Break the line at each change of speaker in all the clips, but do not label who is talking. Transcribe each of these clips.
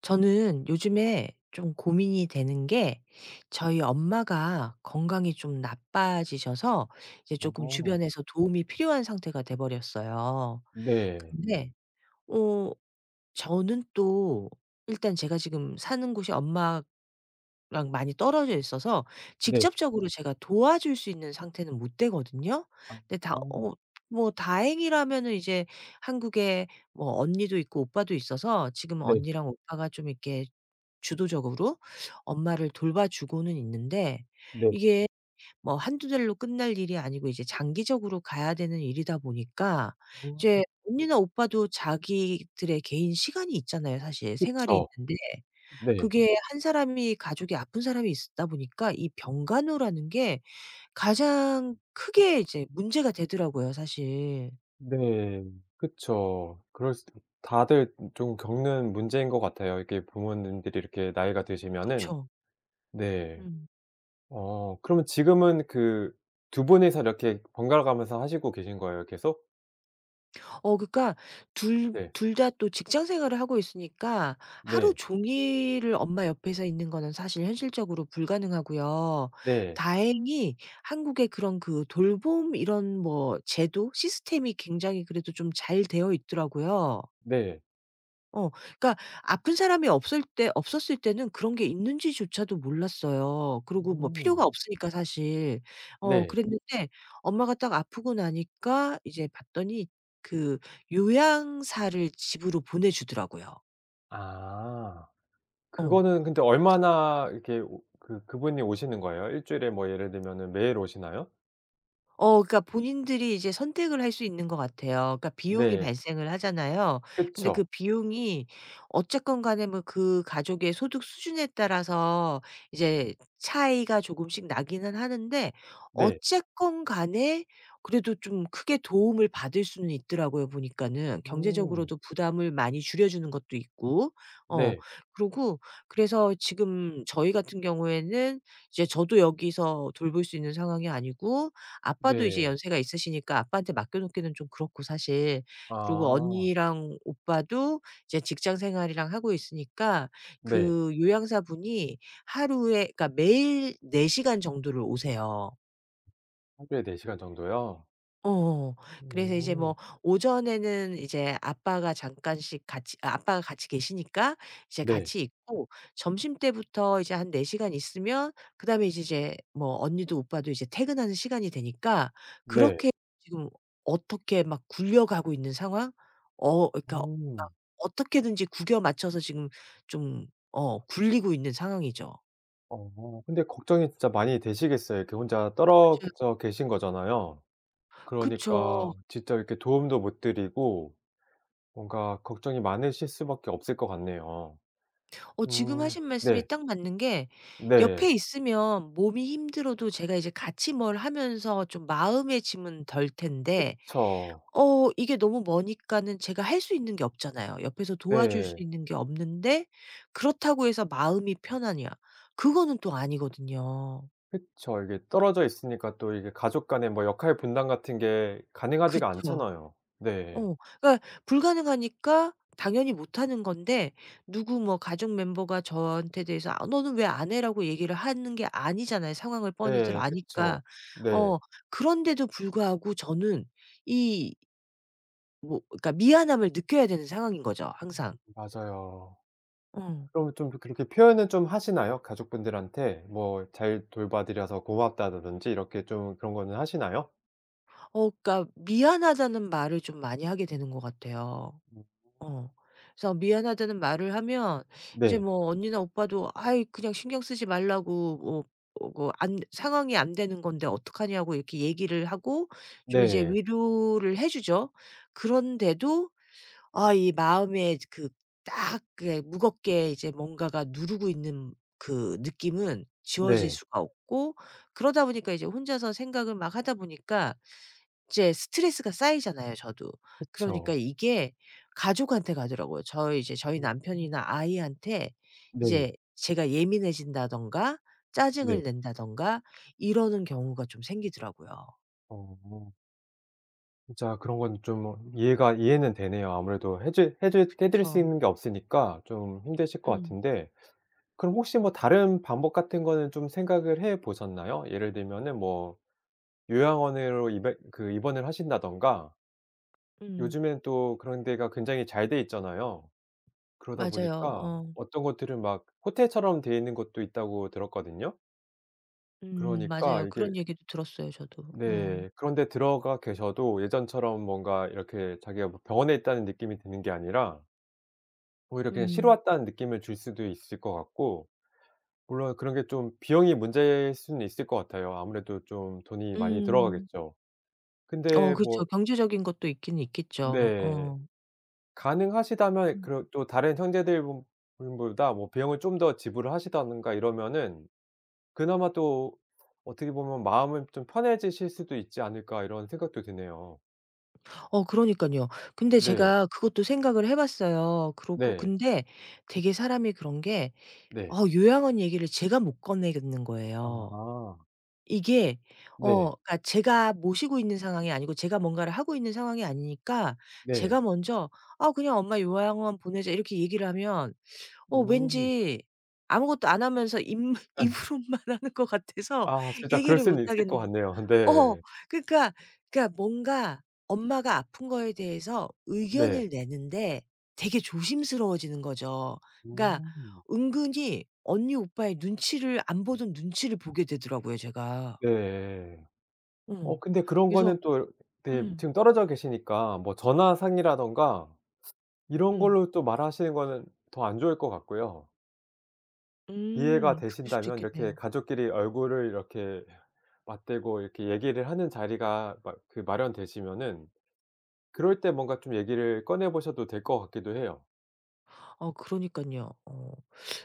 저는 요즘에 좀 고민이 되는게 저희 엄마가 건강이 좀 나빠지셔서 이제 쪼끔
어.
주변에서 도움이 필요한 상태가 돼 버렸어요.
네.
근데 어 저는 또 일단 제가 지금 사는 곳이 엄마랑 많이 떨어져 있어서
네.
직접적으로 제가 도와줄 수 있는 상태는 못 되거든요. 근데 다
아.
어 뭐 다행이라면은 이제 한국에 뭐 언니도 있고 오빠도 있어서 지금은
네.
언니랑 오빠가 좀 이렇게 주도적으로 엄마를 돌봐 주고는 있는데
네.
이게 뭐 1-2 달로 끝날 일이 아니고 이제 장기적으로 가야 되는 일이다 보니까 이제
어.
언니나 오빠도 자기들의 개인 시간이 있잖아요. 사실 생활이
그쵸.
있는데
네.
그게 1 사람이 가족이 아픈 사람이 있다 보니까 이 병간호라는 게 가장 크게 이제 문제가 되더라고요 사실.
네. 그쵸. 그럴 수 다들 좀 겪는 문제인 것 같아요, 이게 부모님들이 이렇게 나이가 드시면은.
그쵸.
네.
음.
어 그러면 지금은 그 2 분이서 이렇게 번갈아가면서 하시고 계신 거예요 계속?
어 그러니까 2-
네.
2 다 또 직장 생활을 하고 있으니까 하루
네.
종일을 엄마 옆에서 있는 거는 사실 현실적으로 불가능하고요.
네.
다행히 한국에 그런 그 돌봄 이런 뭐 제도? 시스템이 굉장히 그래도 좀 잘 되어 있더라고요.
네.
어 그러니까 아픈 사람이 없을 때 없었을 때는 그런 게 있는지조차도 몰랐어요. 그리고 뭐 필요가
음.
없으니까 사실. 어
네.
그랬는데 엄마가 딱 아프고 나니까 이제 봤더니 그 요양사를 집으로 보내 주더라고요.
아.
어.
그거는 근데
그래서
얼마나 이렇게 오 그 그분이 오시는 거예요? 1 주일에 뭐 예를 들면은 매일 오시나요?
어 그러니까 본인들이 이제 선택을 할 수 있는 것 같아요. 그러니까 비용이
네.
발생을 하잖아요. 근데 그
그쵸.
비용이 어쨌건 간에 뭐 그 가족의 소득 수준에 따라서 이제 차이가 조금씩 나기는 하는데
네.
어쨌건 간에 그래도 좀 크게 도움을 받을 수는 있더라고요 보니까는.
음.
경제적으로도 부담을 많이 줄여 주는 것도 있고. 어
네.
그러고 그래서 지금 저희 같은 경우에는 이제 저도 여기서 돌볼 수 있는 상황이 아니고 아빠도 이제
네.
연세가 있으시니까 아빠한테 맡겨 놓기는 좀 그렇고 사실. 그리고
아.
언니랑 오빠도 이제 직장 생활이랑 하고 있으니까
네.
그 요양사분이 하루에 그러니까 매일 4 시간 정도를 오세요.
하루에 4 시간 정도요?
어어어. 그래서 이제
음.
뭐 오전에는 이제 아빠가 잠깐씩 같이 아빠가 같이 계시니까 이제
네.
같이 있고 점심때부터 이제 한 4 시간 있으면 그다음에 이제 이제 뭐 언니도 오빠도 이제 퇴근하는 시간이 되니까
네.
그렇게 지금 어떻게 막 굴려가고 있는 상황? 어 그러니까 막
어.
어떻게든지 구겨 맞춰서 지금 좀 어 굴리고 있는 상황이죠.
어 근데 걱정이 진짜 많이 되시겠어요. 이렇게 혼자 떨어
맞아요.
그 져 계신 거잖아요.
그쵸.
그러니까 진짜 이렇게 도움도 못 드리고 뭔가 걱정이 많으실 수밖에 없을 것 같네요.
어 지금
음
하신 말씀이
네.
딱 맞는 게
네.
옆에 있으면 몸이 힘들어도 제가 이제 같이 뭘 하면서 좀 마음의 짐은 덜 텐데
그쵸.
어 이게 너무 머니까는 제가 할 수 있는 게 없잖아요. 옆에서 도와줄 수
네.
있는 게 없는데 그렇다고 해서 마음이 편하냐. 그거는 또 아니거든요.
그쵸. 이게 떨어져 있으니까 또 이게 가족 간의 뭐 역할 분담 같은 게 가능하지가
그쵸.
않잖아요. 네.
어 그러니까 불가능하니까 당연히 못하는 건데 누구 뭐 가족 멤버가 저한테 대해서 "아 너는 왜 안해?"라고 얘기를 하는 게 아니잖아요 상황을 뻔히들
네 그쵸.
아니까.
네.
어 그런데도 불구하고 저는 이 뭐 그러니까 미안함을 느껴야 되는 상황인 거죠 항상.
음음음 맞아요.
엉.
그러면 쫌 그렇게 그렇게 표현을 좀 하시나요? 가족분들한테 뭐 "잘 돌봐 드려서 고맙다."라든지 이렇게 좀 그런 거는 하시나요?
어 그러니까 "미안하다."는 말을 좀 많이 하게 되는 것 같아요.
어.
어. 그래서 "미안하다."는 말을 하면 이제
네.
뭐 언니나 오빠도 "아이 그냥 신경 쓰지 말라."고 "어 어 거 안 상황이 안 되는 건데 어떡하냐?"고 이렇게 얘기를 하고 좀 이제
네.
위로를 해 주죠. 그런데도 아 이 마음에 이제 그 딱 그게 무겁게 이제 뭔가가 누르고 있는 그 느낌은 지워질
네.
수가 없고 그러다 보니까 이제 혼자서 생각을 막 하다 보니까 이제 스트레스가 쌓이잖아요 저도. 그러니까
그쵸.
이게 가족한테 가더라고요. 저희 이제 저희
어.
남편이나 아이한테
네.
이제 제가 예민해진다든가 짜증을
네.
낸다든가 이러는 경우가 좀 생기더라고요.
어. 진짜 그런 건 좀 이해가 이해는 되네요. 아무래도 해 주 해 드 해 드릴 수
그쵸.
있는 게 없으니까 좀 힘드실 것
음.
같은데 그럼 혹시 뭐 다른 방법 같은 거는 좀 생각을 해 보셨나요? 예를 들면은 뭐 요양원으로 입에 그 입원을 하신다든가
음.
요즘엔 또 그런 데가 굉장히 잘 돼 있잖아요. 그러다
맞아요.
보니까
어.
어떤 곳들은 막 호텔처럼 돼있는 곳도 있다고 들었거든요.
음
그러니까
맞아요.
이게
그런 얘기도 들었어요 저도. 음.
네. 그런 데 들어가 계셔도 예전처럼 뭔가 이렇게 자기가 뭐 '병원에 있다.'는 느낌이 드는 게 아니라 오히려 그냥 '쉬러
음.
왔다.'는 느낌을 줄 수도 있을 것 같고 물론 그런 게 좀 비용이 문제일 수는 있을 것 같아요. 아무래도 좀 돈이 많이
음.
들어가겠죠.
어
근데 뭐
그렇죠. 경제적인 것도 있기는 있겠죠.
네.
어.
가능하시다면 이
음.
그런 또 '다른 형제들분보다 뭐 비용을 좀 더 지불을 하신다든가 이러면은 그나마 또 어떻게 보면 마음은 좀 편해지실 수도 있지 않을까?' 이런 생각도 드네요.
어 그러니깐요. 근데
네.
제가 그것도 생각을 해 봤어요. 그러고
네.
근데 되게 사람이 그런 게
네.
어 요양원 얘기를 제가 못 꺼내겠는 거예요.
아.
이게 어
네.
그러니까 제가 모시고 있는 상황이 아니고 제가 뭔가를 하고 있는 상황이 아니니까 제가
네.
먼저 "아 그냥 엄마 요양원 보내자." 이렇게 얘기를 하면 어
음.
왠지 아무것도 안 하면서 입므
[unintelligible]
입으로만 하는 것 같아서
아 진짜 그럴
얘기를
수는 있을 것
못하겠는
같네요. 아
어
네.
그러니까 그러니까 뭔가 엄마가 아픈 거에 대해서
네.
의견을 내는 데 되게 조심스러워지는 거죠. 그러니까
음.
은근히 언니 오빠의 눈치를 안 보던 눈치를 보게 되더라고요 제가.
예. 어
어
근데 그런
그래서
거는 또 이렇 네
음.
지금 떨어져 계시니까 뭐 전화상이라든가 이런
음.
걸로 또 말하시는 거는 더 안 좋을 것 같고요. 이해가
음. 그럴 수도
되신다면 이렇게
있겠네요.
가족끼리 얼굴을 이렇게 맞대고 이렇게 얘기를 하는 자리가 마 그 마련되시면은 그럴 때 뭔가 좀 얘기를 꺼내 보셔도 될 것 같기도 해요.
어 그러니깐요. 어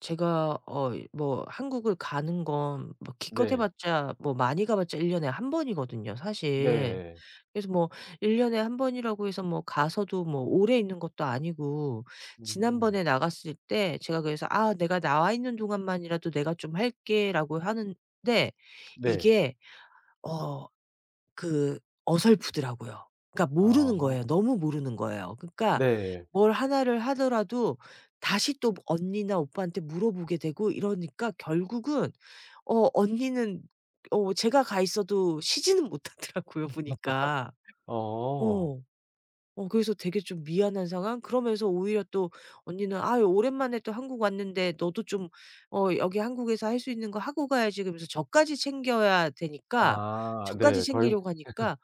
제가 어이 뭐 한국을 가는 건 뭐 기껏 해
네.
봤자 뭐 많이 가 봤자 1 년에 1 번이거든요 사실.
네.
그래서 뭐 1 년에 1 번이라고 해서 뭐 가서도 뭐 오래 있는 것도 아니고
음.
지난번에 나갔을 때 제가 그래서 "아 내가 나와 있는 동안만이라도 내가 좀 할게."라고 하는데
네.
이게 어 그 어설프더라고요. 그러니까 모르는 거예요.
아.
너무 모르는 거예요. 그러니까
네.
뭘 1 를 하더라도 다시 또 언니나 오빠한테 물어보게 되고 이러니까 결국은 어 언니는 어 제가 가 있어도 쉬지는 못하더라고요 보니까.
어.
어 어 그래서 되게 좀 미안한 상황? 그러면서 오히려 또 언니는 "아이 오랜만에 또 한국 왔는데 너도 좀 어 여기 한국에서 할 수 있는 거 하고 가야지." 그러면서 저까지 챙겨야 되니까
아
저까지
네. 더 힘
챙기려고
에흐.
하니까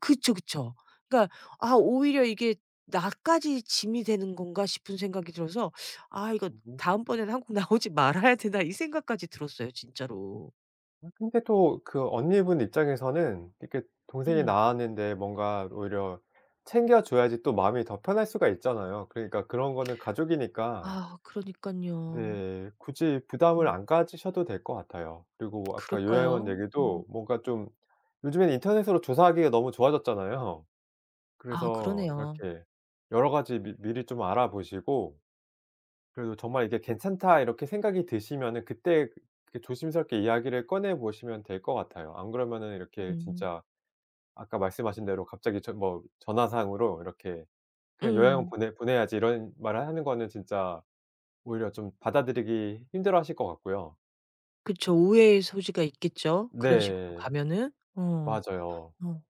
그쵸, 그쵸. 그러니까 '아 오히려 이게 나까지 짐이 되는 건가?' 싶은 생각이 들어서 '아 이거
음.
다음번에는 한국 나오지 말아야 되나.' 이 생각까지 들었어요 진짜로.
아 근데 또 그 언니분 입장에서는 이렇게 동생이
음.
나왔는데 뭔가 오히려 챙겨 줘야지 또 마음이 더 편할 수가 있잖아요. 그러니까 그런 거는 가족이니까
아으 그러니깐요.
네. 굳이 부담을
음.
안 가지셔도 될 것 같아요. 그리고 아까 요양원
그럴까요? 음.
얘기도 뭔가 좀 요즘엔 인터넷으로 조사하기가 너무 좋아졌잖아요.
아
그래서
그러네요.
이렇게 여러 가지 미 미리 좀 알아보시고 그래도 정말 이게 '괜찮다.' 이렇게 생각이 드시면은 그때 그 조심스럽게 이야기를 꺼내 보시면 될 것 같아요. 안 그러면 이렇게
음.
진짜 아까 말씀하신 대로 갑자기 전 뭐 전화상으로 이렇게 "그냥 요양원
음.
보내 보내야지." 이런 말을 하는 거는 진짜 오히려 좀 받아들이기 힘들어하실 것 같고요.
그쵸. 오해의 소지가 있겠죠 그런 식으로
네.
가면은. 어.
맞아요.
어.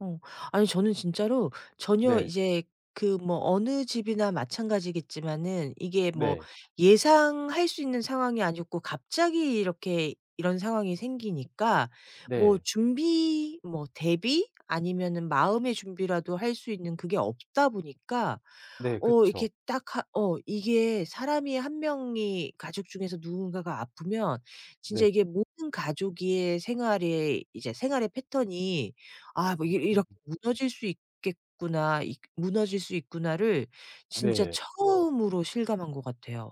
어. 아니 저는 진짜로 전혀
네.
이제 그 뭐 어느 집이나 마찬가지겠지만은 이게 뭐
네.
예상할 수 있는 상황이 아니었고 갑자기 이렇게 이런 상황이 생기니까 뭐
네.
준비 뭐 대비? 아니면은 마음의 준비라도 할 수 있는 그게 없다 보니까
네.
어
그쵸.
이렇게 딱 하 어 이게 사람이 1 명이 가족 중에서 누군가가 아프면 진짜
네.
이게 모든 가족의 생활에 이제 생활의 패턴이 아 뭐
음.
'이렇 이렇게 무너질 수 있겠구나. 이 무너질 수 있구나.'를 진짜
네.
처음으로 실감한 것 같아요.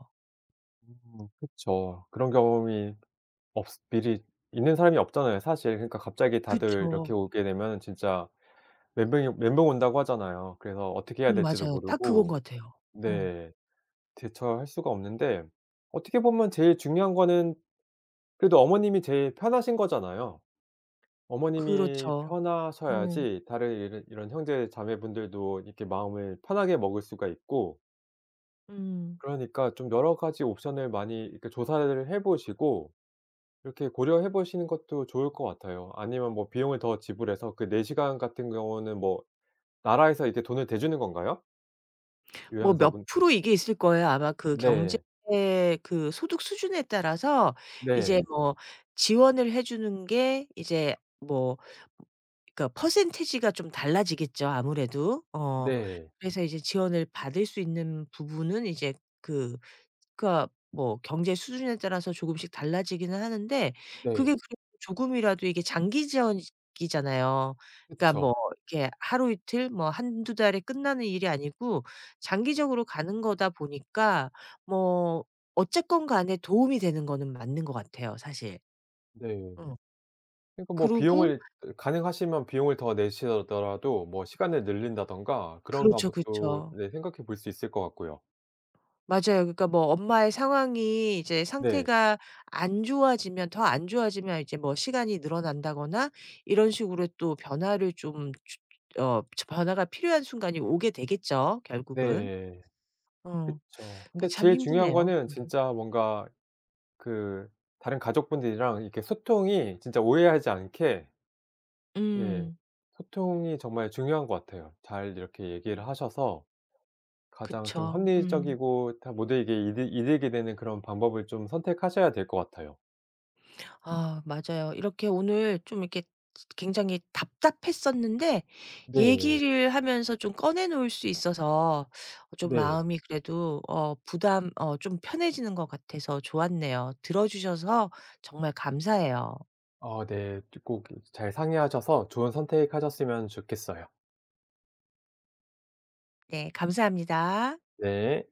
음 그쵸. 그런 경험이 없스 미리 있는 사람이 없잖아요 사실. 그러니까 갑자기 다들 이렇게
그쵸.
오게 되면은 진짜 멘붕이 멘붕 온다고 하잖아요. 그래서 어떻게 해야
음
될지도
맞아요. 딱 그건
모르고
것 같아요. 어.
네. 대처할 수가 없는데 어떻게 보면 제일 중요한 거는 그래도 어머님이 제일 편하신 거잖아요. 어머님이
그렇죠. 음.
편하셔야지 다르 이러 이런 형제자매 분들도 이렇게 마음을 편하게 먹을 수가 있고
음.
그러니까 좀 여러 가지 옵션을 많이 이렇게 조사를 해 보시고 이렇게 고려해 보시는 것도 좋을 것 같아요. 아니면 뭐 비용을 더 지불해서 그 4 시간 같은 경우는 뭐 나라에서 이렇게 돈을 대주는 건가요?
뭐 몇
요양사분.
프로 이게 있을 거예요. 아마 그 경제
네.
그 소득 수준에 따라서 이제
네.
뭐 지원을 해 주는 게 이제 뭐 그니까 퍼센티지가 좀 달라지겠죠 아무래도. 어
네.
그래서 이제 지원을 받을 수 있는 부분은 이제 그 그러니까 뭐 경제 수준에 따라서 조금씩 달라지기는 하는데
네.
그게 그래도 조금이라도 이게 장기 지원이잖아요. 그러니까 뭐
그쵸.
이렇게 하루 이틀 뭐 1-2 달에 끝나는 일이 아니고 장기적으로 가는 거다 보니까 뭐 어쨌건 간에 도움이 되는 거는 맞는 것 같아요 사실.
네.
응.
그러니까 뭐
그러고
비용을 그 가능하시면 비용을 더 내시더 더라도 뭐 시간을 늘린다든가 그런
그렇죠.
방법도
그쵸.
네 생각해 볼 수 있을 것 같고요.
맞아요. 그러니까 뭐 엄마의 상황이 이제
네.
상태가 안 좋아지면 더 안 좋아지면 이제 뭐 시간이 늘어난다거나 이런 식으로 또 변화를 좀 주 주 어 츠 어 변화가 필요한 순간이 오게 되겠죠 결국은.
네.
어
그쵸.
그
근데
참
제일 중요한
힘드네요
거는
이게.
진짜 뭔가 그 다른 가족분들이랑 이렇게 소통이 진짜 오해하지 않게 네.
음.
소통이 정말 중요한 것 같아요. 잘 이렇게
음.
얘기를 하셔서 가장 좀
그쵸. 음.
합리적이고 다 모두에게 이득이 이득이 되는 그런 방법을 좀 선택하셔야 될 것 같아요.
아 맞아요. 이렇게 오늘 좀 이렇게 쯔 굉장히 답답했었는데
네.
얘기를 하면서 좀 꺼내 놓을 수 있어서 좀
네.
마음이 그래도 어 부담 어 좀 편해지는 것 같아서 좋았네요. 들어주셔서 정말 감사해요.
아 네. 쩌 꼭 이 잘 상의하셔서 좋은 선택하셨으면 좋겠어요.
예 감사합니다.
네.